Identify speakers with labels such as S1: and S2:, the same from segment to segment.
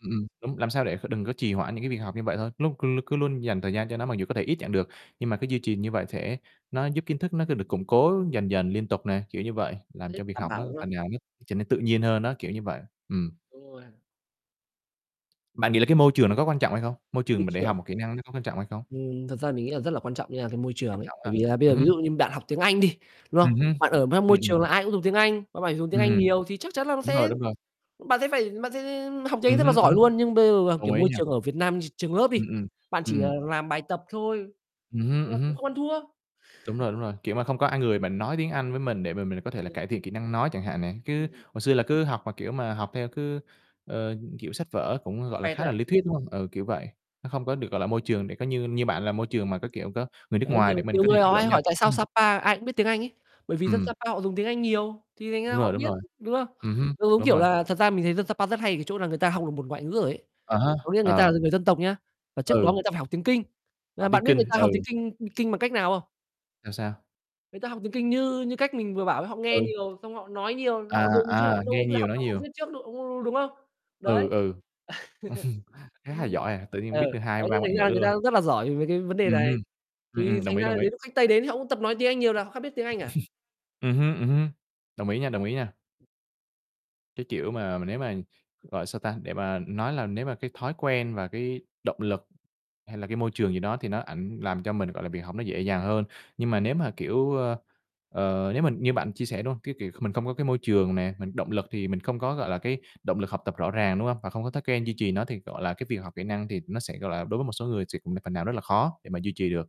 S1: Ừm, ừm, đúng, làm sao để kh đừng có trì hoãn những cái việc học như vậy thôi. Lúc cứ l cứ luôn dành thời gian cho nó mặc dù có thể ít chẳng được, nhưng mà cứ duy trì như vậy sẽ nó giúp kiến thức nó được củng cố dần dần liên tục nè, kiểu như vậy. Làm cho
S2: [unintelligible]
S1: việc
S2: Đảm
S1: học
S2: bảo
S1: nó
S2: nha.
S1: phần nào nó trở nên tự nhiên hơn á, kiểu như vậy. Ừm.
S2: Đúng rồi.
S1: Bạn nghĩ là cái môi trường nó có quan trọng hay không? Môi
S2: Môi
S1: trường mà để học
S2: trường.
S1: một kỹ năng nó có quan trọng hay không?
S2: Ừm, thật ra mình nghĩ là rất là quan trọng nha, cái môi trường
S1: Quan
S2: ấy.
S1: trọng ha.
S2: Bởi vì là bây giờ
S1: Ừm
S2: ví
S1: hứm.
S2: dụ như bạn học tiếng Anh đi, đúng
S1: Ừm
S2: không?
S1: hứm.
S2: Bạn ở mang môi
S1: Ừm, ừm.
S2: trường là ai cũng dùng tiếng Anh, bạn phải dùng tiếng
S1: Ừm,
S2: Anh
S1: ừm.
S2: nhiều thì chắc chắn là nó
S1: Đúng rồi
S2: sẽ
S1: đúng rồi.
S2: bạn sẽ phải bạn sẽ học tiếng Anh
S1: Ừm
S2: rất là
S1: hứm, ừm
S2: giỏi
S1: hứm.
S2: luôn. Nhưng bây giờ, à,
S1: Đồng
S2: kiểu,
S1: ý
S2: môi
S1: nha.
S2: trường ở Việt Nam tr trường lớp đi,
S1: Ừm, ừm,
S2: bạn chỉ, ờ,
S1: ừm.
S2: làm bài tập thôi,
S1: Ừm hưm,
S2: nên là
S1: ừm
S2: cũng
S1: hưm.
S2: không ăn thua.
S1: Đúng rồi, đúng rồi, kiểu, mà không có ai người mà nói tiếng Anh với mình để mà mình có thể là
S2: Ừm.
S1: cải thiện kỹ năng nói chẳng hạn nè, cứ
S2: Ừm.
S1: hồi xưa là cứ học mà, kiểu, mà học theo cứ, ờ, kiểu, sách vở cũng,
S2: Học
S1: gọi là,
S2: vẹt
S1: khá
S2: thôi
S1: là
S2: à?
S1: lý thuyết, đúng hông? Ừ, kiểu vậy, nó không có được, gọi là, môi trường để có như như bạn là
S2: Ừm.
S1: môi trường mà có, kiểu, có người nước
S2: Đấy,
S1: ngoài để
S2: nhiều
S1: mình
S2: nhiều
S1: có thể
S2: người họ
S1: chủ
S2: hay
S1: động giao
S2: hỏi:
S1: tiếp.
S2: "Tại sao
S1: Ừm.
S2: Sa Pa ai cũng biết tiếng Anh?" ấy, bởi vì dân Sa
S1: Ừm.
S2: Pa họ dùng tiếng Anh nhiều thì thành
S1: Đúng
S2: ra họ
S1: rồi, đúng
S2: biết,
S1: rồi.
S2: đúng không?
S1: Ừm hứm,
S2: Giống giống
S1: đúng
S2: kiểu
S1: rồi.
S2: là thật ra mình thấy dân Sa Pa rất hay ở cái chỗ là người ta học được một ngoại ngữ rồi ấy,
S1: À há,
S2: có nghĩa người ta
S1: ờ.
S2: là người dân tộc nha, và trước đó
S1: Ừ.
S2: người ta phải học tiếng Kinh.
S1: Học
S2: Mà
S1: tiếng
S2: bạn biết người
S1: Kinh,
S2: ta học tiếng
S1: ừ.
S2: Kinh, ưm, Kinh bằng cách nào không?
S1: Sao, sao?
S2: Người ta học tiếng Kinh như như cách mình vừa bảo ấy, họ nghe
S1: Ừ.
S2: nhiều, xong họ nói nhiều, họ
S1: À,
S2: dùng chứ họ
S1: à,
S2: đâu
S1: nghe
S2: bao giờ
S1: nhiều,
S2: học
S1: nói
S2: học học
S1: nhiều.
S2: viết trước đâu, đu đu đúng không?
S1: Ừ,
S2: Đấy.
S1: ừ, khá là giỏi à, tự nhiên
S2: Ừ,
S1: biết được hai
S2: đấy thế
S1: ba ngoại
S2: thành
S1: ngữ
S2: ra người
S1: luôn.
S2: ta rất là giỏi về cái vấn đề
S1: Ừm
S2: này,
S1: hưm. Ừm,
S2: thì
S1: ừm, đồng
S2: thành
S1: ý,
S2: ra là
S1: đồng ý.
S2: đến lúc khách Tây đến thì họ cũng tập nói tiếng Anh nhiều là họ khắc biết tiếng Anh à.
S1: Ừm hưm, ừm hưm, đồng ý nha, đồng ý nha. Cái kiểu mà, nếu mà, gọi, sao ta, để mà nói là nếu mà cái thói quen và cái động lực, hay là cái môi trường gì đó, thì nó ảnh làm cho mình, gọi là, việc học nó dễ dàng hơn. Nhưng mà nếu mà, kiểu, ơ, ờ, nếu mình như bạn chia sẻ, đúng hông, cái kiểu mình không có cái môi trường nè, mình động lực thì mình không có, gọi là, cái động lực học tập rõ ràng, đúng hông? Và không có thói quen duy trì nó thì, gọi là, cái việc học kỹ năng thì nó sẽ, gọi là, đối với một số người sẽ cũng là phần nào rất là khó để mà duy trì được.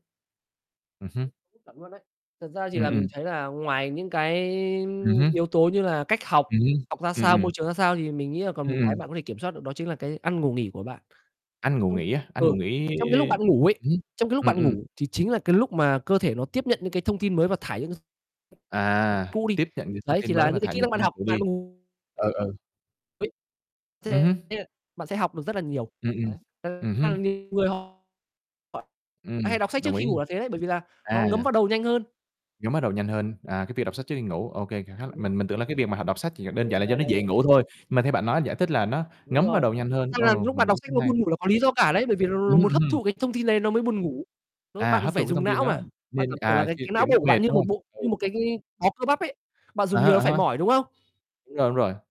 S1: Ừm hưm.
S2: [unintelligible] Chuẩn luôn đấy. Thật ra thì
S1: Ừm,
S2: là mình
S1: ừm.
S2: thấy là ngoài những cái
S1: Ừm hứm.
S2: yếu tố như là cách học,
S1: Ừm hưm,
S2: học ra
S1: ừm,
S2: sao, môi
S1: ừm.
S2: trường ra sao, thì mình nghĩ là còn
S1: Ừm,
S2: một cái
S1: ừm.
S2: bạn có thể kiểm soát được đó chính là cái ăn, ngủ, nghỉ của bạn.
S1: Ăn, ngủ,
S2: Trong
S1: nghỉ á, ăn, ngủ,
S2: ừ,
S1: nghỉ
S2: trong cái lúc bạn ngủ ấy,
S1: ừm hứm,
S2: trong cái lúc
S1: ừm,
S2: bạn
S1: ừm.
S2: ngủ thì chính là cái lúc mà cơ thể nó tiếp nhận những cái thông tin mới và thải những s
S1: À,
S2: cũ đi,
S1: tiếp nhận những thông
S2: đấy
S1: tin
S2: thì
S1: mới
S2: là
S1: và
S2: những cái
S1: thải
S2: kỹ
S1: những
S2: năng
S1: thông
S2: bạn
S1: tin
S2: học,
S1: cũ
S2: bạn
S1: đi. Ừ, ừ.
S2: Úi,
S1: Ừm
S2: thế
S1: hứm.
S2: là bạn sẽ học được rất là nhiều,
S1: Ừm, ừm,
S2: đấy. Thật
S1: ừm
S2: ra
S1: hứm.
S2: là nhiều người họ hay
S1: Ừm,
S2: đọc sách trước
S1: đồng ý.
S2: khi ngủ là thế đấy, bởi vì là nó
S1: À.
S2: ngấm vào đầu nhanh hơn.
S1: Ngấm bắt đầu nhanh hơn, à, cái việc đọc sách trước khi ngủ. OK, kha khá là
S2: Đúng rồi.
S1: mình mình tưởng là cái việc mà họ đọc sách chỉ là
S2: Đúng,
S1: đơn
S2: đúng,
S1: giản là do
S2: đấy,
S1: nó
S2: đấy,
S1: dễ
S2: đấy.
S1: ngủ thôi, mà theo bạn nói giải thích là nó
S2: Đúng
S1: ngấm vào
S2: rồi,
S1: đầu nhanh hơn,
S2: thực ra là
S1: ồ,
S2: lúc
S1: mình
S2: bạn đọc
S1: nghĩ
S2: sách
S1: cũng
S2: nó
S1: hay.
S2: buồn ngủ là có lý do cả đấy, bởi vì nó
S1: Ừm
S2: nó
S1: hứm,
S2: muốn
S1: ừm
S2: hấp
S1: hưm.
S2: thụ cái thông tin nên nó mới buồn ngủ. Nó
S1: À,
S2: bạn
S1: hấp
S2: phải
S1: thụ cái thông
S2: dùng
S1: tin
S2: não
S1: đó,
S2: mà, bạn
S1: nên
S2: cảm tưởng là
S1: à,
S2: cái
S1: chuyện
S2: cái não
S1: chuyện đó
S2: bộ của
S1: mệt,
S2: bạn như
S1: đúng
S2: một
S1: hông?
S2: bộ như
S1: Ừ.
S2: một cái cái bó cơ bắp ấy, bạn
S1: À
S2: dùng nhiều
S1: há,
S2: nó
S1: à
S2: phải
S1: ha.
S2: mỏi, đúng không?
S1: Đúng rồi, đúng rồi.